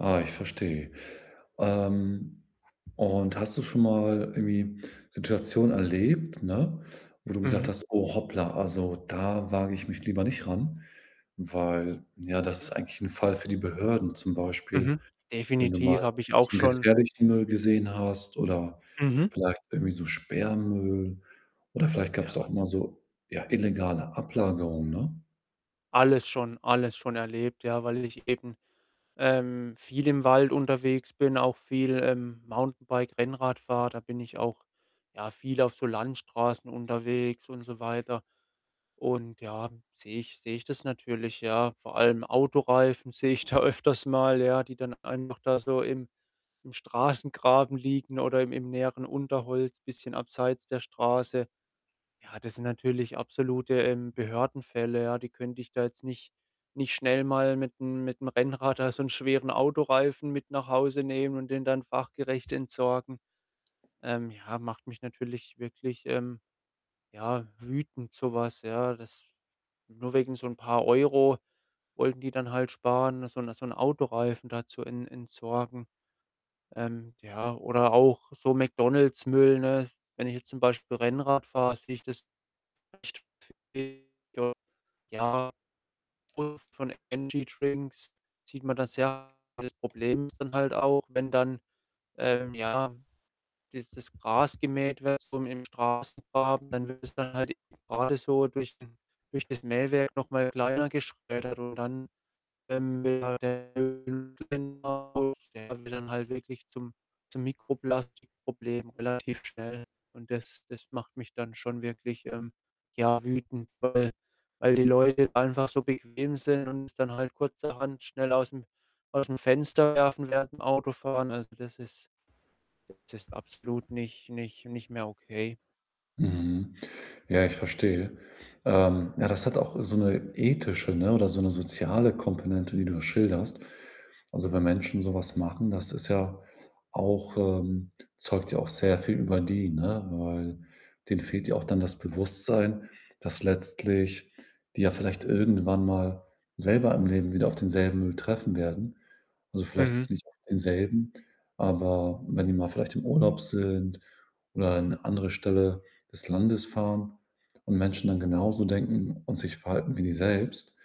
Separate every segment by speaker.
Speaker 1: Ah, ich verstehe. Ähm, und hast du schon mal irgendwie Situationen erlebt, ne, wo du gesagt
Speaker 2: Mhm.
Speaker 1: hast: „Oh, hoppla, also da wage ich mich lieber nicht ran, weil, ja, das ist eigentlich 'n Fall für die Behörden.“ Zum Beispiel,
Speaker 2: Mhm.
Speaker 1: wenn du mal
Speaker 2: Definitiv, habe ich auch
Speaker 1: zu
Speaker 2: schon.
Speaker 1: gefährlichen Müll gesehen hast oder
Speaker 2: Mhm.
Speaker 1: vielleicht irgendwie so Sperrmüll oder vielleicht gab's da
Speaker 2: Ja.
Speaker 1: auch mal so, ja, illegale Ablagerungen, ne?
Speaker 2: Alles schon alles schon erlebt, ja, weil ich eben, ähm, viel im Wald unterwegs bin, auch viel, ähm, Mountainbike, Rennrad fahre. Da bin ich auch, ja, viel auf so Landstraßen unterwegs und so weiter. Und ja, sehe ich sehe ich das natürlich, ja. Vor allem Autoreifen sehe ich da öfters mal, ja, die dann einfach da so im im Straßengraben liegen oder im im näheren Unterholz, bisschen abseits der Straße. Ja, das sind natürlich absolute, ähm, Behördenfälle, ja. Die könnte ich da jetzt nicht nicht schnell mal mit'm mit 'm Rennrad da so'n schweren Autoreifen mit nach Hause nehmen und den dann fachgerecht entsorgen. Ähm, ja, macht mich natürlich wirklich, ähm, ja, wütend so was, ja. Dass nur wegen so 'n paar Euro wollten die dann halt sparen so'n so'n Autoreifen da zu ent entsorgen. Ähm, ja, oder auch so McDonald's-Müll, ne? Wenn ich jetzt zum Beispiel Rennrad fahre, sehe ich das echt häufiger. Ja, [unintelligible] von Energy Drinks sieht man das ja. Das Problem ist dann halt auch, wenn dann, ähm, ja, dieses Gras gemäht wird so im Straßengraben, dann wird es dann halt gerade so durch den durch das Mähwerk noch mal kleiner geschreddert und dann, ähm, [unintelligible] wird dann halt wirklich zum zum Mikroplastik-Problem relativ schnell. Und das das macht mich dann schon wirklich, ähm, ja wütend, weil weil die Leute einfach so bequem sind und es dann halt kurzerhand schnell aus'm aus'm Fenster werfen während dem Autofahren. Also, das ist das ist absolut nicht nicht nicht mehr okay.
Speaker 1: Mhm. Ja, ich verstehe. Ähm, ja, das hat auch so 'ne ethische, ne, oder so 'ne soziale Komponente, die du da schilderst. Also, wenn Menschen so was machen, das ist ja auch ähm, zeugt ja auch sehr viel über die, ne? Weil denen fehlt ja auch dann das Bewusstsein, dass letztlich die ja vielleicht irgendwann mal selber im Leben wieder auf denselben Müll treffen werden. Also, vielleicht
Speaker 2: Mhm.
Speaker 1: jetzt nicht auf denselben, aber wenn die mal vielleicht im Urlaub sind oder an 'ne andere Stelle des Landes fahren und Menschen dann genauso denken und sich verhalten wie die selbst.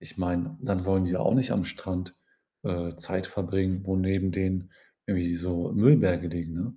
Speaker 1: Ich meine, dann wollen die ja auch nicht am Strand, äh, Zeit verbringen, wo neben denen irgendwie so Müllberge liegen, ne?